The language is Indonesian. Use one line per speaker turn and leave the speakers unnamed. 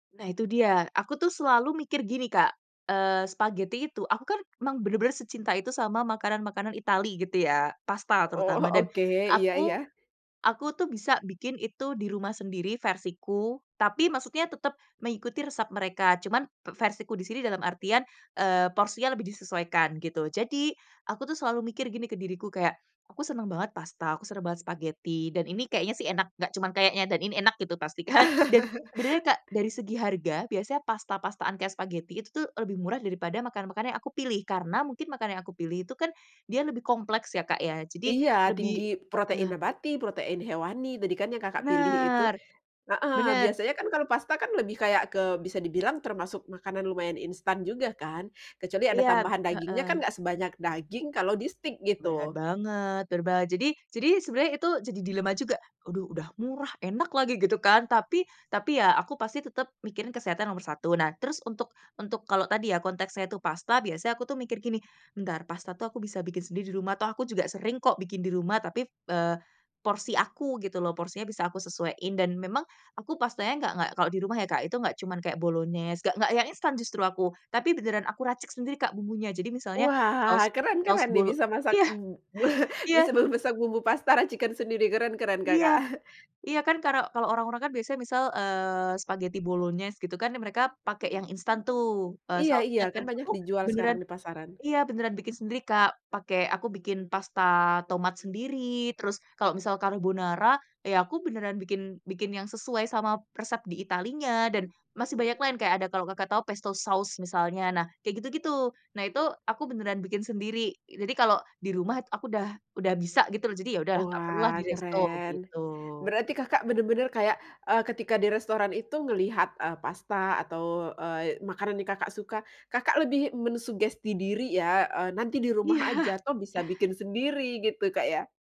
Nah itu dia, aku tuh selalu mikir gini Kak, eee, spaghetti itu aku kan emang bener-bener secinta itu sama makanan-makanan Itali gitu ya, pasta
Oh
terutama. Dan
oke iya
aku,
iya.
aku tuh bisa bikin itu di rumah sendiri versiku, tapi maksudnya tetap mengikuti resep mereka, cuman te versiku di sini dalam artian, eee, porsinya lebih disesuaikan gitu. Jadi aku tuh selalu mikir gini ke diriku, kayak, aku seneng banget pasta, aku seneng banget spaghetti dan ini kayaknya sih enak, gak cuman kayaknya dan ini enak gitu pasti kan. Dan sebenernya Kak, dari segi harga biasanya pasta-pastaan kayak spaghetti itu tuh lebih murah daripada makanan-makanan yang aku pilih, karena mungkin makanan yang aku pilih itu kan dia lebih kompleks ya Kak ya, jadi
Iya tinggi
lebih
protein
heeh.
nabati, protein hewani, tadi kan yang Kakak pilih itu.
Bener
Heeh,
bener.
biasanya kan kalau pasta kan lebih kayak ke bisa dibilang termasuk makanan lumayan instan juga kan, kecuali ada
Iya.
tambahan dagingnya
Heeh.
kan gak sebanyak daging kalau di steak,
Bener
gitu.
banget, berba jadi jadi sebenernya itu jadi dilema juga, aduh udah murah, enak lagi gitu kan, tapi tapi ya aku pasti tetep mikirin kesehatan nomor 1. Nah terus untuk untuk kalau tadi ya, konteksnya itu pasta biasanya aku tuh mikir gini, "Entar pasta tuh aku bisa bikin sendiri di rumah," toh aku juga sering kok bikin di rumah, tapi, eee, porsi aku gitu loh, porsinya bisa aku sesuaiin dan memang aku pastanya nggak nggak, kalau di rumah ya Kak itu. Nggak cuman kayak bolognese, nggak nggak yang instan justru aku, tapi beneran aku racik sendiri Kak bumbunya. Jadi misalnya, saus
Wah,
saus
keren-keren nih
bolo
bisa masak.
Iya!
M
Iya.
Bisa memasak bumbu pasta, racikan sendiri. Keren-keren
Iya.
Kakak.
Iya kan karo kalau orang-orang kan biasanya misal, eee, spaghetti bolognese gitu kan, mereka pakai yang instan tuh, eee,
Iya iya.
sausnya
Kan
kan.
banyak
Aku
dijual sekarang
beneran
di pasaran.
iya beneran bikin sendiri, Kak. Pake aku bikin pasta tomat sendiri, terus kalau misal carbonara, ya aku beneran bikin bikin yang sesuai sama resep di Italinya, dan masih banyak lain, kayak ada kalau Kakak tahu pesto sauce misalnya, nah kayak gitu-gitu. Nah itu aku beneran bikin sendiri. Jadi kalau di rumah aku udah udah bisa gitu loh, jadi ya udahlah gak perlu lah di
Wah
resto,
keren,
gitu.
berarti Kakak bener-bener kayak, eee, ketika di restoran itu ngelihat, eee, pasta atau, eee, makanan yang Kakak suka, Kakak lebih mensugesti diri ya, eee, nanti di rumah aja
Iya.
toh bisa bikin sendiri, gitu Kak, ya?